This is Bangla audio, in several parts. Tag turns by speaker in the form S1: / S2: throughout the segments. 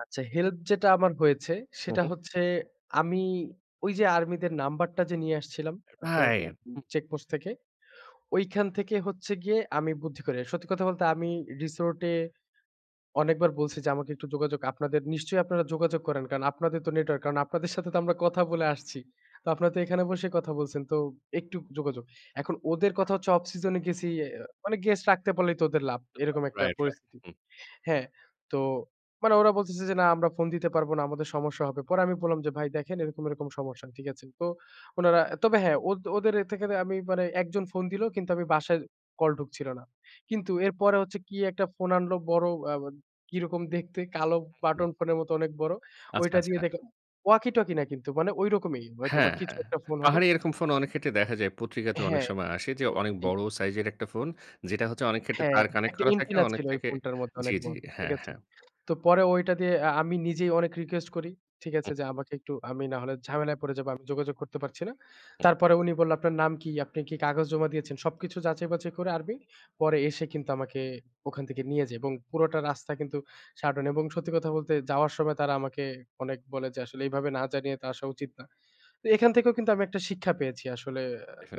S1: আচ্ছা হেল্প যেটা আমার হয়েছে,
S2: হুম,
S1: সেটা
S2: হুম।
S1: হচ্ছে আমি ঐযে আর্মিদের নাম্বারটা যে নিয়ে আসছিলাম, আপনার
S2: রাইট,
S1: উ
S2: হু।
S1: চেকপোস্ট থেকে। ঐখান থেকে হচ্ছে গিয়ে আমি বুদ্ধি করে। সত্যি কথা বলতে আমি রিসোর্টে অনেকবার বলছি যে আমাকে একটু যোগাযোগ আপনাদের নিশ্চয়ই আপনারা যোগাযোগ করেন, কারণ আপনাদের তো নেটওয়ার্ক কারণ আপনাদের সাথে তো আমরা কথা বলে আসছি। তো আপনারা তো এখানে বসে কথা বলছেন। তো একটু যোগাযোগ। এখন ওদের কথা হচ্ছে অফ সিজনে গেছি, আ মানে গেস্ট রাখতে পারলেই তো ওদের লাভ এরকম
S2: [unintelligible]
S1: একটা
S2: রাইট, রাইট।
S1: পরিস্থিতি।
S2: হু।
S1: হ্যাঁ তো মানে ওরা বলতেছে যে, "না আমরা ফোন দিতে পারবো না। আমাদের সমস্যা হবে।" পরে আমি বললাম যে, "ভাই দেখেন এরকম, এরকম সমস্যা।" ঠিক আছে? তো উনারা তবে হ্যাঁ ওদের এ থেকে আমি মানে একজন ফোন দিল কিন্তু আমি বাসায় কল ঢুকছিল না। কিন্তু এরপরে হচ্ছে কি একটা ফোন আনলো বড় আ কিরকম দেখতে কালো
S2: উ
S1: বাটন
S2: হু।
S1: ফোনের মত অনেক বড়
S2: আচ্ছা,
S1: ঐটা দিয়ে
S2: আচ্ছা।
S1: দেখে ওয়াকিটকি না কিন্তু মানে ঐরকমই হয়তোবা
S2: হ্যাঁ,
S1: কিছু
S2: হ্যাঁ।
S1: একটা ফোন হবে।
S2: পাহাড়ি এরকম ফোন অনেক ক্ষেত্রে দেখা যায়। পত্রিকাতে অনেক
S1: হ্যাঁ।
S2: সময় আসে যে অনেক
S1: হু।
S2: বড় সাইজের একটা ফোন। যেটা হচ্ছে অনেক ক্ষেত্রে
S1: হ্যাঁ
S2: তার কানেক্ট
S1: একটা
S2: করা থাকে,
S1: এন্টেনা
S2: অনেক
S1: ছিল ঐ
S2: থেকে
S1: ফোনটার মধ্যে
S2: জি,
S1: অনেক
S2: জি,
S1: বড়। ঠিক
S2: হ্যাঁ,
S1: আছে?
S2: হ্যাঁ।
S1: তো পরে ঐটা দিয়ে আ আমি নিজেই অনেক রিকোয়েস্ট করি। ঠিক
S2: হুম।
S1: আছে যে আমাকে একটু আমি নাহলে ঝামেলায় পড়ে যাবো। আমি যোগাযোগ করতে পারছি না।
S2: হুম।
S1: তারপরে উনি বলল আপনার নাম কি? আপনি কি কাগজ জমা দিয়েছেন সবকিছু যাচাই-বাচাই করে আর্মি, পরে এসে কিন্তু আমাকে ওখান থেকে নিয়ে যায় এবং পুরোটা রাস্তা কিন্তু সাটন এবং সত্যি কথা বলতে যাওয়ার সময় তারা আমাকে অনেক বলে যে আসলে এভাবে না জানিয়ে তো আসা উচিত না। তো এখান থেকেও কিন্তু আমি একটা শিক্ষা পেয়েছি। আসলে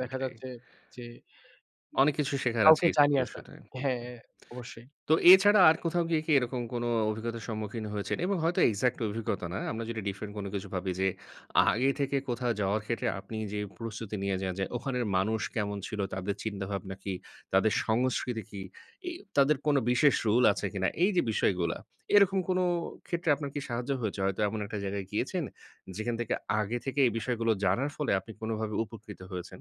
S1: দেখা যাচ্ছে যে উ
S2: অনেক কিছু শেখার আছে
S1: কাউকে
S2: এই
S1: জানিয়া আসা।
S2: সিচুয়েশনে হু,
S1: হ্যাঁ
S2: হু।
S1: অবশ্যই।
S2: তো এছাড়া আর কোথাও গিয়ে কি এরকম কোনো অভিজ্ঞতার সম্মুখীন হয়েছেন? এবং হয়তো এক্সাক্ট অভিজ্ঞতা না। আমরা যদি ডিফারেন্ট কোনো কিছু ভাবি যে, আগে থেকে কোথাও যাওয়ার ক্ষেত্রে আপনি যে প্রস্তুতি নিয়ে যান, যে ওখানের মানুষ কেমন ছিল, তাদের চিন্তাভাবনা কি? তাদের সংস্কৃতি কি? এই তাদের কোনো বিশেষ রুল আছে কিনা? এইযে বিষয়গুলা, এরকম কোনো ক্ষেত্রে আপনার কি সাহায্য হয়েছে? হয়তো এমন একটা জায়গায় গিয়েছেন যেখান থেকে আগে থেকে এই বিষয়গুলো জানার ফলে আপনি কোনোভাবে উপকৃত হয়েছেন?